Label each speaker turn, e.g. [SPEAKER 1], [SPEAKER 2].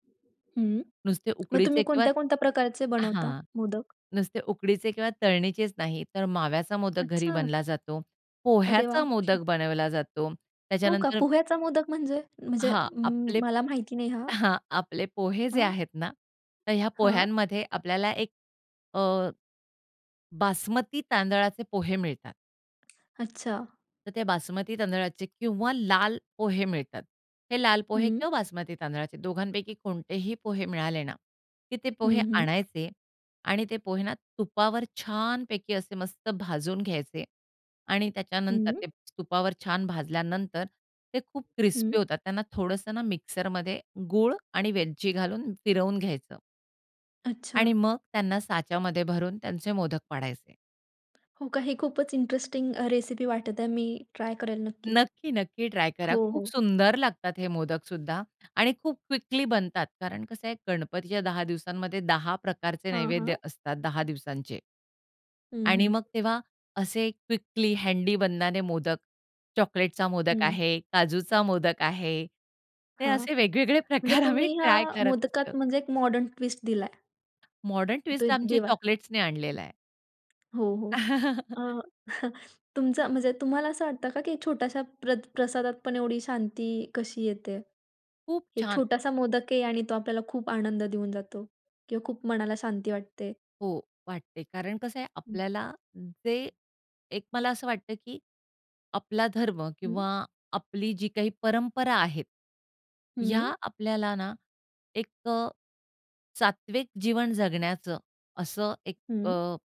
[SPEAKER 1] हं,
[SPEAKER 2] नुसते
[SPEAKER 1] मग तुम्ही
[SPEAKER 2] उकडीचे किंवा
[SPEAKER 1] कोणत्या, कोणत्या प्रकारचे बनवता
[SPEAKER 2] हां
[SPEAKER 1] मोदक?
[SPEAKER 2] नुसते उकडीचे किंवा तळणीचेच नाही तर माव्याचा मोदक घरी
[SPEAKER 1] अच्छा.
[SPEAKER 2] बनला जातो.
[SPEAKER 1] अरे
[SPEAKER 2] पोह्चाया
[SPEAKER 1] वाह!
[SPEAKER 2] मोदक बनवला जातो
[SPEAKER 1] हो का
[SPEAKER 2] त्याच्यानंतर
[SPEAKER 1] पोह्याचा मोदक म्हणजे? म्हणजे
[SPEAKER 2] हां
[SPEAKER 1] अं,
[SPEAKER 2] आपले
[SPEAKER 1] मला माहिती नाही हां.
[SPEAKER 2] हां आपले पोहे जे
[SPEAKER 1] हां.
[SPEAKER 2] आहेत ना, तर ह्या
[SPEAKER 1] हां.
[SPEAKER 2] पोह्यांमध्ये आपल्याला एक अ, बासमती तांदळाचे पोहे मिळतात.
[SPEAKER 1] अच्छा.
[SPEAKER 2] तर ते बासमती तांदळाचे किंवा लाल पोहे मिळतात. हे लाल पोहे
[SPEAKER 1] हं.
[SPEAKER 2] किंवा बासमती तांदळाचे दोघांपैकी कोणतेही पोहे मिळाले ना, की ते पोहे
[SPEAKER 1] हं, हं.
[SPEAKER 2] आणायचे आणि ते पोहे ना तुपावर छानपैकी असे मस्त भाजून घ्यायचे आणि त्याच्यानंतर
[SPEAKER 1] हं.
[SPEAKER 2] ते तुपावर छान भाजल्यानंतर ते खूप क्रिस्पी
[SPEAKER 1] हं.
[SPEAKER 2] होतात त्यांना थोडंसं ना मिक्सरमध्ये गूळ आणि वेलची घालून फिरवून घ्यायचं.
[SPEAKER 1] अच्छा.
[SPEAKER 2] आणि मग त्यांना साच्यामध्ये भरून त्यांचे मोदक पाडायचे.
[SPEAKER 1] हो का हे खूपच इंटरेस्टिंग अ, रेसिपी वाटत आहे मी ट्राय करेल नक्कीच
[SPEAKER 2] नक्की, नक्की ट्राय करा.
[SPEAKER 1] हो
[SPEAKER 2] खूप
[SPEAKER 1] हो.
[SPEAKER 2] सुंदर लागतात हे मोदकसुद्धा आणि खूप क्विकली बनतात. कारण कसं आहे गणपतीच्या 10 दिवसांमध्ये 10 प्रकारचे
[SPEAKER 1] हां,
[SPEAKER 2] नैवेद्य
[SPEAKER 1] हां.
[SPEAKER 2] असतात 10 दिवसांचे.
[SPEAKER 1] हं,
[SPEAKER 2] आणि
[SPEAKER 1] हं.
[SPEAKER 2] मग तेव्हा असे क्विकली हँडी बननारे मोदक चॉकलेटचा मोदक
[SPEAKER 1] हं.
[SPEAKER 2] आहे, काजूचा मोदक आहे ते
[SPEAKER 1] हां
[SPEAKER 2] असे वेगवेगळे
[SPEAKER 1] म्हणजे
[SPEAKER 2] प्रकार आम्ही
[SPEAKER 1] तुम्ही ह्या
[SPEAKER 2] ट्राय करत असतो.
[SPEAKER 1] मोदकात म्हणजे एक मॉडर्न ट्विस्ट दिलाय.
[SPEAKER 2] मॉडर्न
[SPEAKER 1] तो
[SPEAKER 2] ट्विस्ट आमचे
[SPEAKER 1] देवा.
[SPEAKER 2] चॉकलेट्सनी आणलेला आहे.
[SPEAKER 1] हो, हो अ, तुमचं म्हणजे तुम्हाला असं वाटतं का की छोट्याश्या प्रत प्रसादातपण एवढी शांती कशी येते?
[SPEAKER 2] खूप
[SPEAKER 1] एक
[SPEAKER 2] छान. अ
[SPEAKER 1] छोटासा मोदक आहे आणि तो आपल्याला खूप आनंद देऊन जातो किंवा खूप मनाला शांती वाटते?
[SPEAKER 2] हो वाटते कारण कसं आहे
[SPEAKER 1] हं.
[SPEAKER 2] आपल्याला जे एक मला असं वाटतं, की आपला धर्म
[SPEAKER 1] हं.
[SPEAKER 2] किंवा आपली जी काही परंपरा आहेत ह्या
[SPEAKER 1] हं.
[SPEAKER 2] आपल्याला ना एक अ, सात्विक जीवन जगण्याचं असं एक
[SPEAKER 1] हं.
[SPEAKER 2] अ